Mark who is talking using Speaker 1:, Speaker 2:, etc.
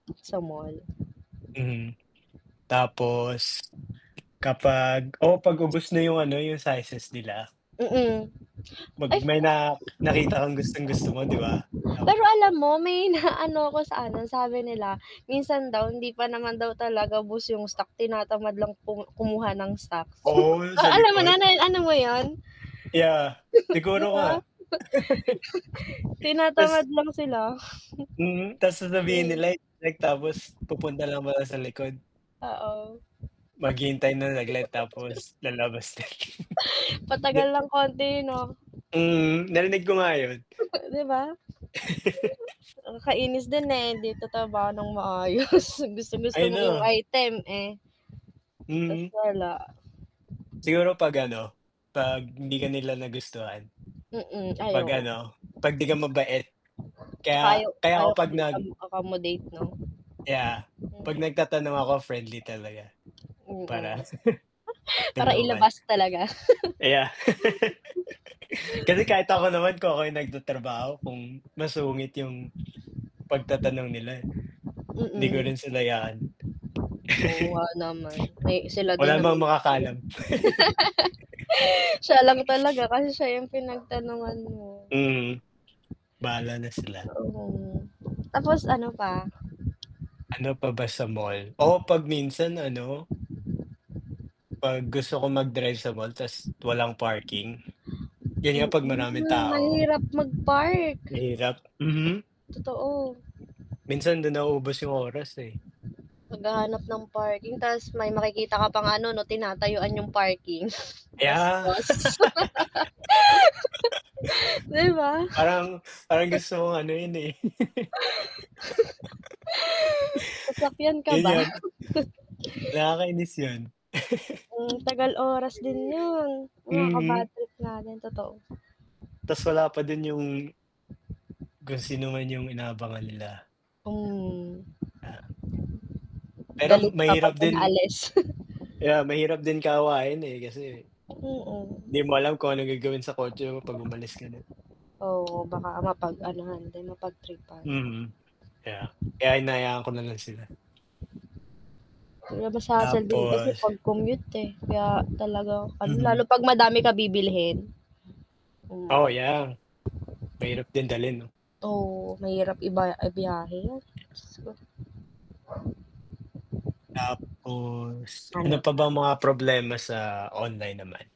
Speaker 1: Sa mall.
Speaker 2: Hmm, tapos kapag oo 'pag ubos na yung ano, yung sizes nila.
Speaker 1: Mm.
Speaker 2: 'Pag
Speaker 1: If
Speaker 2: may na nakita kang gustong-gusto mo 'di ba?
Speaker 1: Pero
Speaker 2: Tapos
Speaker 1: alam mo may na ano ko sa ano, sabi nila minsan daw hindi pa naman daw talaga ubos yung stock, tinatamad lang kum kumuha ng stocks.
Speaker 2: Oo, yung
Speaker 1: Oh,
Speaker 2: sa
Speaker 1: alam mo
Speaker 2: likod.
Speaker 1: na na ano mo yun?
Speaker 2: Yeah,
Speaker 1: Di
Speaker 2: siguro nga.
Speaker 1: ba?
Speaker 2: Tas
Speaker 1: Tinatamad lang sila.
Speaker 2: Hmm, tas sasabihin
Speaker 1: Mm.
Speaker 2: nila'y like tapos pupunta lang pala sa likod. Maghihintay lang saglit tapos lalabas na.
Speaker 1: Matagal
Speaker 2: De
Speaker 1: ng konti yun 'no?
Speaker 2: Hmm, narinig ko nga 'yon.
Speaker 1: Di ba? Nakakainis din eh, 'di nagta-trabaho nang maayos, gustong-gusto
Speaker 2: Ayan
Speaker 1: mo yung
Speaker 2: na.
Speaker 1: item, eh Tas
Speaker 2: Hmm.
Speaker 1: wala.
Speaker 2: Siguro 'pag ano, 'pag hindi ka nila nagustuhan.
Speaker 1: Mm, ay,
Speaker 2: 'Pag
Speaker 1: oo.
Speaker 2: ano, 'pag di ka mabait,
Speaker 1: Tsaka
Speaker 2: kaya
Speaker 1: ayaw
Speaker 2: kaya ako
Speaker 1: ayaw
Speaker 2: 'pag
Speaker 1: kami kam
Speaker 2: nag
Speaker 1: accommodate 'no?
Speaker 2: Yeah, 'pag
Speaker 1: Mhm.
Speaker 2: nagtatanong ako friendly talaga para
Speaker 1: Mm. Para
Speaker 2: tulungan.
Speaker 1: ilabas talaga.
Speaker 2: Kaya kasi kahit ako naman, kung ako yung nagtatrabaho, kung masungit yung pagtatanong nila. 'Di ko
Speaker 1: Mm.
Speaker 2: rin sila yaan.
Speaker 1: Oo nga naman, eh, sila
Speaker 2: Wala
Speaker 1: din
Speaker 2: naman
Speaker 1: naman kasi dun.
Speaker 2: makakaalam.
Speaker 1: Siya lang talaga kasi siya yung pinagtanungan mo.
Speaker 2: Mhm, bahala na sila.
Speaker 1: Oo. Tapos ano pa?
Speaker 2: Ano pa ba sa mall? Oh, 'pag minsan ano 'Pag gusto ko mag-drive sa mall tas walang parking. Yun nga 'pag maraming
Speaker 1: Mm,
Speaker 2: tao.
Speaker 1: mahirap mag-park.
Speaker 2: Mahirap, mhm.
Speaker 1: Totoo.
Speaker 2: Minsan dun naubos yung oras eh.
Speaker 1: Naghahanap ng parking tas may makikita ka pang ano 'no, tinatayuan yung parking
Speaker 2: Yeah.
Speaker 1: bastos. 'Di ba?
Speaker 2: Parang parang gusto kong anuhin eh.
Speaker 1: Sasakyan ka ba?
Speaker 2: Ganyan. Nakakainis 'yon.
Speaker 1: Hmm, tagal oras din yun,
Speaker 2: Mhm.
Speaker 1: nakaka-badtrip nga din, totoo.
Speaker 2: Tas wala pa din yung kung sino man yung inaabangan nila.
Speaker 1: Hmm.
Speaker 2: Pero
Speaker 1: Galit pa 'pag
Speaker 2: mahirap din
Speaker 1: pinaalis.
Speaker 2: Yeah, mahirap din kaawayin eh kasi
Speaker 1: Mm.
Speaker 2: 'di mo alam kung anong gagawin sa kotse mo 'pag umalis ka na.
Speaker 1: Oo, baka mapag-anuhan din, mapagtripan.
Speaker 2: Mhm. Yeah. Kaya hinahayaan ko na lang sila.
Speaker 1: Less hassle din eh, kasi
Speaker 2: Tapos.
Speaker 1: 'pag commute eh, kaya talaga ano, lalo
Speaker 2: Mhm.
Speaker 1: 'pag madami ka bibilhin.
Speaker 2: Oh
Speaker 1: Mm.
Speaker 2: ayan, mahirap din dalhin 'no.
Speaker 1: Oo, mahirap iba ibyahe, 'yan, Diyos ko.
Speaker 2: Tapos, ano
Speaker 1: Ano?
Speaker 2: pa bang mga problema sa online naman?